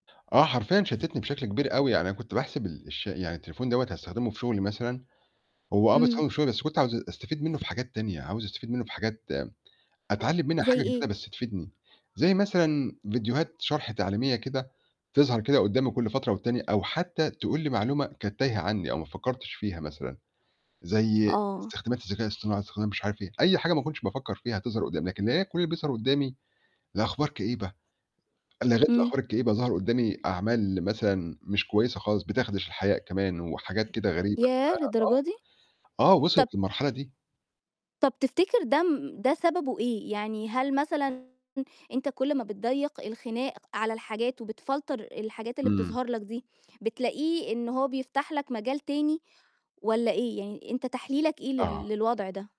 آه، حرفيًا شتتني بشكل كبير أوي، يعني أنا كنت باحسب ال الش يعني التليفون دوّة هاستخدمه في شغلي مثلًا، هو آه إمم. باستخدمه في شغلي بس كنت عاوز أستفيد منه في حاجات تانية، عاوز أستفيد منه في حاجات أتعلّم منها حاجة زَي جديدة إيه؟ بس تفيدني، زي مثلًا فيديوهات شَرْح تعليمية كده تظهَر كده قدّامي كلّ فترة والتانية، أو حتّى تقول لي معلومة كانت تايهة عني أو ما فكّرتش فيها مثلًا، زي آه. استخدامات الذكاء الاصطناعي، استخدام مش عارف إيه، أي حاجة ما كنتش بافكّر فيها تظهَر قدّامي، لكن [unintelligible] كلّ اللي بيظهَر قدّامي لأخبار كئيبة، لغيت إمم. الأخبار الكئيبة ظهر قدّامي أعمال مثلًا مش كويسة خالص بتخدش الحياء كمان وحاجات كده غريبة، ف ياه! للدرجة دي! آه، آه، طَب وِصلِت للمرحلة دي. طَب تفتكر ده م ده سببه إيه؟ يعني هل مثلًا أنت كلّ ما بتضيّق الخناق على الحاجات وبتفلتر الحاجات اللي إمم. بتظهَر لك دي، بتلاقيه إن هو بيفتَح لك مجال تاني والّا إيه؟ يعني أنت تحليلك إيه لل آه. للوضع ده؟